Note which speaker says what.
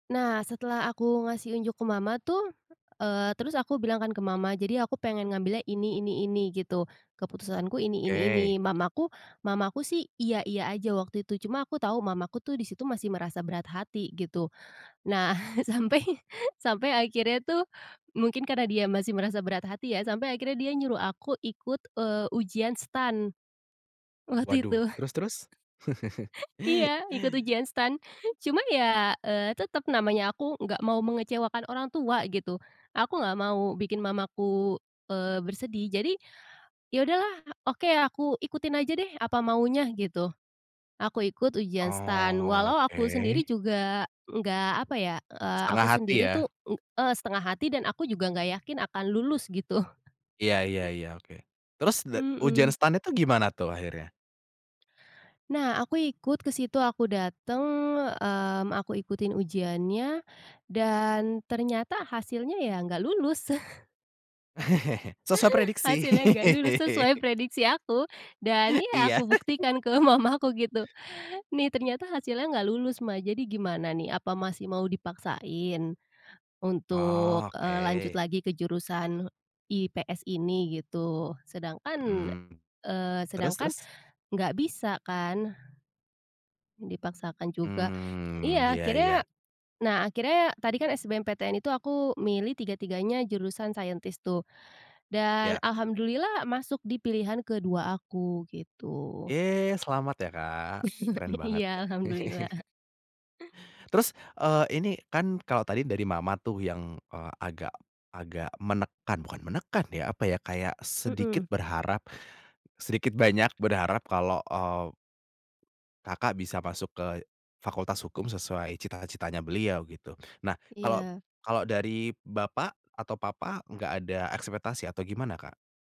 Speaker 1: Nah setelah aku ngasih unjuk ke mama tuh, eee, terus aku bilang kan ke mama, "Jadi aku pengen ngambilnya ini ini ini," gitu, "Keputusanku ini ini ini,"
Speaker 2: Oke.
Speaker 1: mamaku mamaku sih, "iya iya" aja waktu itu, cuma aku tahu mamaku tuh di situ masih merasa berat hati gitu. Nah sampai sampai akhirnya tuh mungkin karena dia masih merasa berat hati ya, sampai akhirnya dia nyuruh aku ikut, eee, ujian STAN, waktu
Speaker 2: Waduh,
Speaker 1: itu.
Speaker 2: terus terus?
Speaker 1: Iya ikut ujian STAN, cuma ya, eee, tetep namanya aku nggak mau mengecewakan orang tua gitu, aku nggak mau bikin mamaku, eee, bersedih, jadi ya udahlah oke aku ikutin aja deh apa maunya gitu. Aku ikut ujian STAN, walau aku sendiri
Speaker 2: Oke.
Speaker 1: juga enggak apa ya, eee,
Speaker 2: Setengah
Speaker 1: aku
Speaker 2: hati
Speaker 1: sendiri
Speaker 2: ya.
Speaker 1: tuh, eee, setengah hati dan aku juga enggak yakin akan lulus gitu.
Speaker 2: Ya ya ya oke. Terus da ujian
Speaker 1: Mhm.
Speaker 2: STAN itu gimana tuh akhirnya?
Speaker 1: Nah aku ikut ke situ, aku dateng, mmm, aku ikutin ujiannya, dan ternyata hasilnya ya nggak lulus.
Speaker 2: Sesuai prediksi.
Speaker 1: Hasilnya nggak lulus, sesuai prediksi aku, dan ya
Speaker 2: Iya.
Speaker 1: aku buktikan ke mamaku gitu, "Nih ternyata hasilnya nggak lulus Ma, jadi gimana nih, apa masih mau dipaksain untuk, eee, lanjut
Speaker 2: Oke.
Speaker 1: lagi ke jurusan IPS ini?" gitu. Sedangkan,
Speaker 2: Mhm.
Speaker 1: eee,
Speaker 2: Terus
Speaker 1: sedangkan
Speaker 2: terus?
Speaker 1: enggak bisa kan, dipaksakan juga.
Speaker 2: Mmm,
Speaker 1: Iya
Speaker 2: ya ya.
Speaker 1: akhirnya nah akhirnya tadi kan SBMPTN itu aku milih tiga-tiganya jurusan scientist tuh dan
Speaker 2: Ya.
Speaker 1: alhamdulillah masuk di pilihan ke-2 aku, gitu.
Speaker 2: Yey selamat ya Kak! Keren banget
Speaker 1: Iya
Speaker 2: deh.
Speaker 1: alhamdulillah.
Speaker 2: Terus, eee, ini kan kalau tadi dari mama tuh yang, eee, agak agak menekan bukan menekan ya, apa ya, kayak sedikit
Speaker 1: Mhm.
Speaker 2: berharap, sedikit banyak berharap kalau, eee, Kakak bisa masuk ke fakultas hukum sesuai cita-citanya beliau gitu. Nah kalau
Speaker 1: Iya.
Speaker 2: kalau dari bapak atau papa, nggak ada ekspektasi atau gimana Kak?